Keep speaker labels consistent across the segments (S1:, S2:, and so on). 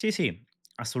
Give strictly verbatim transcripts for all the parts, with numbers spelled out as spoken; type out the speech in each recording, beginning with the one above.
S1: Sì, sì,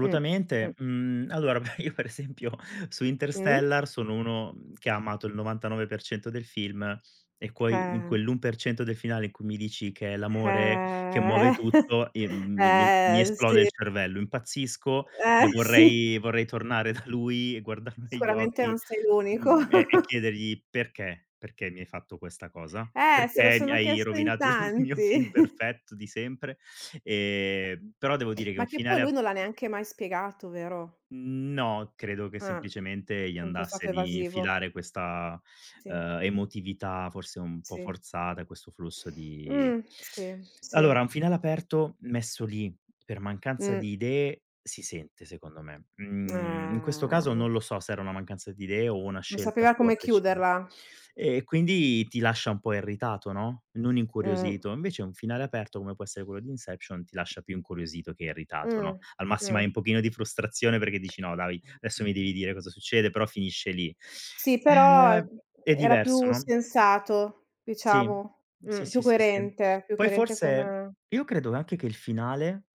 S2: Mh-mh.
S1: Mhmm, allora, beh, io per esempio su
S2: Mh-mh.
S1: Interstellar sono uno che ha amato il novantanove per cento del film e quoi in
S2: Eh.
S1: quell'un per cento del finale in cui mi dici che: "È l'amore che
S2: Eh.
S1: muove tutto." Ehm, mi mi mi
S2: Eh-eh,
S1: esplode
S2: sì.
S1: il cervello, impazzisco e
S2: Eh sì.
S1: vorrei vorrei tornare da lui e guardarlo negli
S2: Sicuramente
S1: occhi,
S2: non sei l'unico.
S1: mhmm, e e chiedergli: "Perché? Perché mi hai fatto questa cosa?
S2: Eh, se lo
S1: Perché mi
S2: sono
S1: hai
S2: chiesto in
S1: rovinato il mio film
S2: tanti.
S1: perfetto di sempre?" Ehm, però devo dire che
S2: Ma
S1: un
S2: che poi
S1: finale
S2: lui
S1: a
S2: non l'ha neanche mai spiegato, vero?
S1: No, credo che
S2: Eh,
S1: semplicemente gli
S2: sempre
S1: andasse
S2: stato
S1: di
S2: evasivo.
S1: infilare questa,
S2: Sì.
S1: uhm, emotività forse un po'
S2: Sì.
S1: forzata, questo flusso di
S2: Mh, sì,
S1: allora
S2: sì.
S1: un finale aperto messo lì per mancanza
S2: Mh.
S1: di idee si sente, secondo me. Mhmm, in questo caso
S2: Eh.
S1: non lo so se era una mancanza di idee o una
S2: Non
S1: scelta
S2: sapeva
S1: sua
S2: come
S1: precisa.
S2: chiuderla.
S1: E quindi ti lascia un po' irritato, no, non
S2: Mh.
S1: incuriosito. Invece un finale aperto come può essere quello di Inception ti lascia più incuriosito che irritato, no, al massimo hai
S2: Mh-mh.
S1: un pochino di frustrazione perché dici: "No, dai, adesso mi devi dire cosa succede." Però finisce lì.
S2: Sì, però e
S1: Ehm è
S2: era
S1: diverso,
S2: più
S1: no?
S2: sensato,
S1: Sì,
S2: diciamo.
S1: sì,
S2: Mh, più
S1: sì, sì, sì.
S2: coerente, più
S1: Poi
S2: coerente
S1: forse
S2: come
S1: io credo anche che il finale,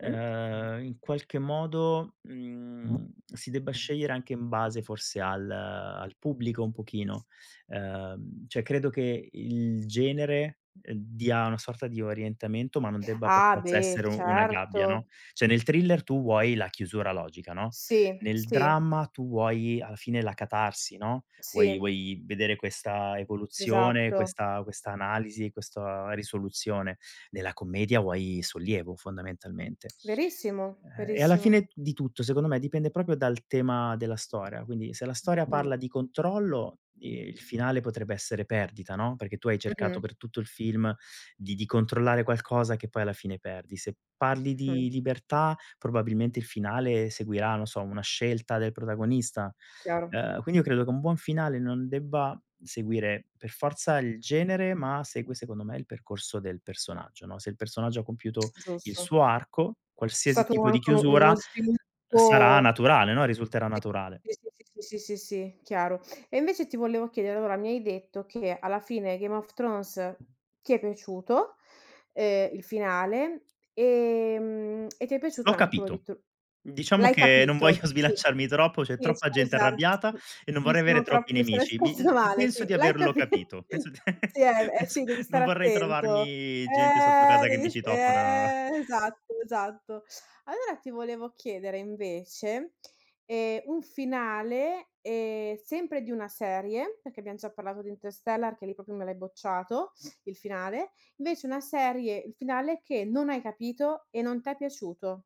S2: Mh.
S1: uhm, in qualche modo, mhmm, si debba scegliere anche in base forse al al pubblico un pochino. Ehm, cioè credo che il genere, uhm, dia una sorta di orientamento, ma non debba per
S2: Ah
S1: forza
S2: beh,
S1: essere u una gabbia, no,
S2: certo!
S1: cioè nel thriller tu vuoi la chiusura logica, no,
S2: Sì,
S1: nel
S2: sì.
S1: dramma tu vuoi alla fine la catarsi, no, vuoi
S2: Sì.
S1: vuoi vedere questa evoluzione,
S2: Esatto.
S1: questa questa analisi, questa risoluzione. Nella commedia vuoi sollievo, fondamentalmente.
S2: Verissimo,
S1: Ehm, e alla fine
S2: verissimo.
S1: di tutto, secondo me, dipende proprio dal tema della storia, quindi se la storia
S2: Mh.
S1: parla di controllo i il finale potrebbe essere perdita, no, perché tu hai cercato
S2: Mh-mh.
S1: per tutto il film di di controllare qualcosa, che poi alla fine perdi. Se parli
S2: Mh-mh.
S1: di libertà, probabilmente il finale seguirà, non so, una scelta del protagonista.
S2: Chiaro.
S1: Uhm, quindi io credo che un buon finale non debba seguire per forza il genere, ma segue, secondo me, il percorso del personaggio, no, se il personaggio ha compiuto il
S2: Giusto.
S1: suo arco,
S2: C'è
S1: qualsiasi
S2: stato
S1: tipo di
S2: anche uno uno
S1: chiusura s sarà
S2: sviluppo
S1: naturale, no, risulterà naturale.
S2: sì, sì, sì, sì, sì, sì, sì, chiaro. E invece ti volevo chiedere, allora mi hai detto che alla fine Game of Thrones ti è piaciuto, ehm, il finale, ehm, e ti è piaciuto
S1: L'ho
S2: anche quello di
S1: capito.
S2: T
S1: Diciamo
S2: l'hai
S1: che non
S2: capito.
S1: voglio
S2: Sì,
S1: sbilanciarmi troppo, c'è
S2: sì
S1: troppa gente
S2: scusa,
S1: arrabbiata e non
S2: mi
S1: vorrei
S2: sono
S1: avere
S2: tro
S1: troppi
S2: mi sono
S1: nemici. Mi uhm,
S2: espressa
S1: l
S2: male, sì,
S1: penso di
S2: l'hai
S1: averlo
S2: capi
S1: capito, penso
S2: sì, eh, eh
S1: pens
S2: sì devi
S1: non
S2: stare
S1: vorrei
S2: attento.
S1: trovarmi gente sotto
S2: Eh
S1: casa che mi
S2: devi st
S1: citofona.
S2: eh esatto, esatto. Allora ti volevo chiedere invece, ehm, un finale, ehm, sempre di una serie, perché abbiam già parlato di Interstellar che lì proprio me l'hai bocciato, il finale, invece una serie il finale che non hai capito e non t'è piaciuto.